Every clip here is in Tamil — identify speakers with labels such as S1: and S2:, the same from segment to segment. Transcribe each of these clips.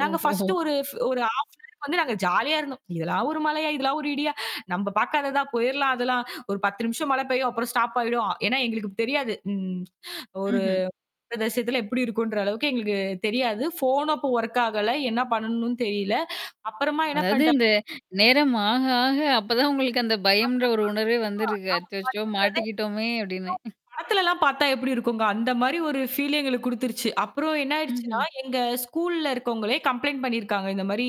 S1: நாங்க ஃபர்ஸ்ட்
S2: ஓஹோ.
S1: ஒரு ஃப் ஒரு ஹாஃப் டேக்கு வந்து நாங்க ஜாலியா இருந்தோம். இதெல்லாம் ஒரு மழையா? இதெல்லாம் ஒரு இடியா? நம்ம பாக்காததா? புயல்லாம், அதெல்லாம். ஒரு 10 நிமிஷம் மழை பெய்யும். அப்புறம் ஸ்டாப் ஆயிடும். ஏன்னா, எங்களுக்குத் தெரியாது. ம் ஒரு
S2: ம்ஹ்ம்.
S1: [unintelligible] எப்படி இருக்கும்ன்ற அளவுக்கு எங்களுக்குத் தெரியாது. ஃபோன் அப்ப வொர்க் ஆகல. என்ன பண்ணனும்னு தெரியல. அப்புறமா என்ன
S2: அதாவது,
S1: பண்ணிட்டா
S2: இந்த நேரம் ஆக, ஆக அப்பதான் உங்களுக்கு அந்தப் பயம்ன்ற ஒரு
S1: [unintelligible]
S2: உணர்வே
S1: கண்டிப்பா.
S2: வந்திருக்கு.
S1: ஆ
S2: அச்சச்சோ!
S1: பயன்றதே இல்ல.
S2: மாட்டிக்கிட்டோமே!
S1: எதோ
S2: அப்படின்னு.
S1: படத்துலலாம் பாத்தா எப்படி இருக்கும்ங்க. அந்த மாதிரி ஒரு ஃபீல் எங்களுக்குக் குடுத்துருச்சு. அப்புறம் என்ன ஆயிடுச்சுனா,
S2: ம்ஹ்ம்.
S1: எங்க ஸ்கூல்ல இருக்கொங்களே கம்ப்ளெயின்ட் பண்ணிருக்காங்க. இந்த மாரி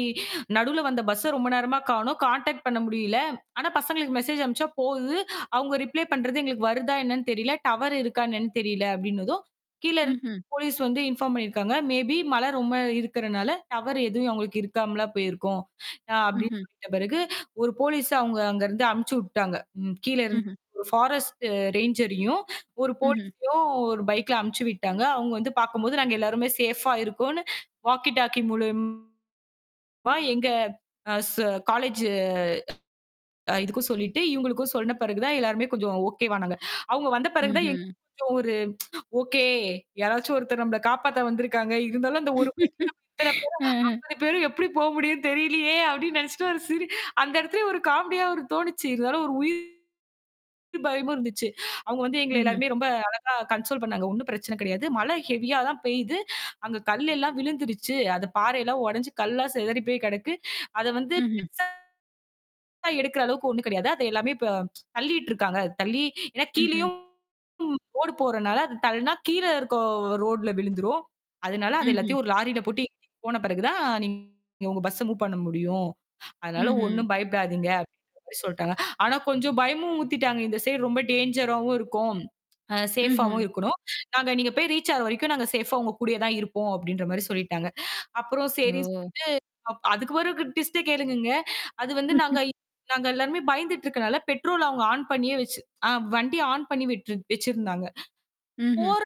S1: நடுவுல வந்த பஸ்ஸ ரொம்ப நேரமா காணோம். கான்டாக்ட் பண்ண முடியல. ஆனா பசங்களுக்கு மெசேஜ் அனுப்பிச்சா போகுது. அவங்க ரிப்ளை பண்றது எங்களுக்கு வருதா என்னன்னு தெரியல. டவர் இருக்கா என்னன்னு தெரியல அப்படின்னதும், கீழ இருந்து
S2: ம்ஹ்ம்.
S1: போலிஸ் வந்து இன்ஃபார்ம் பண்ணிருக்காங்க. மேபீ மழை ரொம்ப இருக்குறனால டவர் எதுவும் அவுங்களுக்கு இருக்காமலா போயிருக்கும், அ அப்படின்னு
S2: ம்ஹ்ம்.
S1: சொல்லிட்ட பிறகு, ஒரு போலிஸ் அவங்க அங்க இருந்து அனுப்பிச்சு விட்டாங்க. ம் கீழ இருந்து
S2: ம்ஹ்ம்.
S1: ஒரு ஃபாரஸ்ட் ரேஞ்சரயும் ஒரு
S2: ம்ஹ்ம்.
S1: போலிஸயும் ஒரு பைக்ல அனுப்பிச்சு விட்டாங்க. அவங்க வந்து பாக்கும்போது நாங்க எல்லாருமே சேஃபா இருக்கோம்னு வாக்கி டாக்கி மூலியமா எங்க அ ஸ் காலேஜ் இதுக்கும் சொல்லிட்டு, இவங்களுக்கும் சொன்ன பிறகு தான், எல்லாருமே கொஞ்சம் ஓகேவானாங்க. அவங்க வந்த பிறகு தான் எங்களுக்கே
S2: ம்ஹ்ம்.
S1: ஒரு ஓகே. யாராச்சும் ஒருத்தர் நம்மள காப்பாத்த வந்துருக்காங்க. இருந்தாலும் அந்த ஒரு பைக்ல
S2: அ
S1: [unintelligible] பேரு எப்படி போ முடியும் தெரியலயே! அப்படின்னு நினைச்சுட்டு ஒரு சிரி அந்த இடத்துலயே ஒரு காமெடியா ஒரு தோணுச்சு. இருந்தாலும் ஒரு உயிர் பயமும் இருந்துச்சு. அவங்க வந்து எங்கள
S2: ம்ஹ்ம்.
S1: எல்லாரையும் ரொம்ப அழகா கன்ஸோல் பண்ணாங்க. ஒண்ணும் பிரச்சனை கிடையாது. மழை ஹெவியா தான் பெய்து. அங்க கல் எல்லாம் விழுந்துருச்சு. அது பாறை எல்லாம் உடைந்து கல்லா சிதறிப் போய் கிடக்கு. அதை வந்து
S2: ம்ஹ்ம்.
S1: பெருசா எடுக்குற அளவுக்கு ஒண்ணும் கிடையாது. அது எல்லாமே இப்ப தள்ளிட்ருக்காங்க. தள்ளி ஏன்னா,
S2: ம்ஹ்ம்.
S1: கீழயும் ரோடு போறனால அது தள்ளனா கீழ இருக்குற ரோட்ல விழுந்துரும். அதனால, அதை
S2: ம்ஹ்ம்.
S1: எல்லாத்தையும் ஒரு லாரியில போட்டு ஏத்திட்டு போன பிறகு தான் நீங்க உங்க பஸ் மூவ் பண்ண முடியும். அதனால
S2: ம்ஹ்ம்.
S1: ஒண்ணும் பயப்படாதீங்க அப்படின்ற மாரி சொல்லிட்டாங்க. ஆனா கொஞ்சம் பயமும் ஊத்திட்டாங்க. இந்த சைடு ரொம்ப டேஞ்சராவும் இருக்கும். ஆ சேஃபா
S2: ம்ஹ்ம்.
S1: ஆவும் இருக்கணும். நாங்க நீங்க போயி ரீச் ஆகுற வரைக்கும், நாங்க சேஃபா உங்க கூடயேதான் இருப்போம் அப்படின்ற மாரி சொல்லிட்டாங்க. அப்புறம் சரின்னு
S2: ஓ.
S1: சொல்லிட்டு, அப் அதுக்கு ஒரு ட்விஸ்ட்ட கேளுங்கங்க. அது வந்து, நாங்க நாங்க எல்லாருமே பயந்துட்டு இருக்கறதுனால பெட்ரோல் அவங்க ஆன் பண்ணியே வச்சு வண்டி ஆன் பண்ணி விட்டு வச்சிருந்தாங்க.
S2: ம்ஹ்ம்.
S1: போற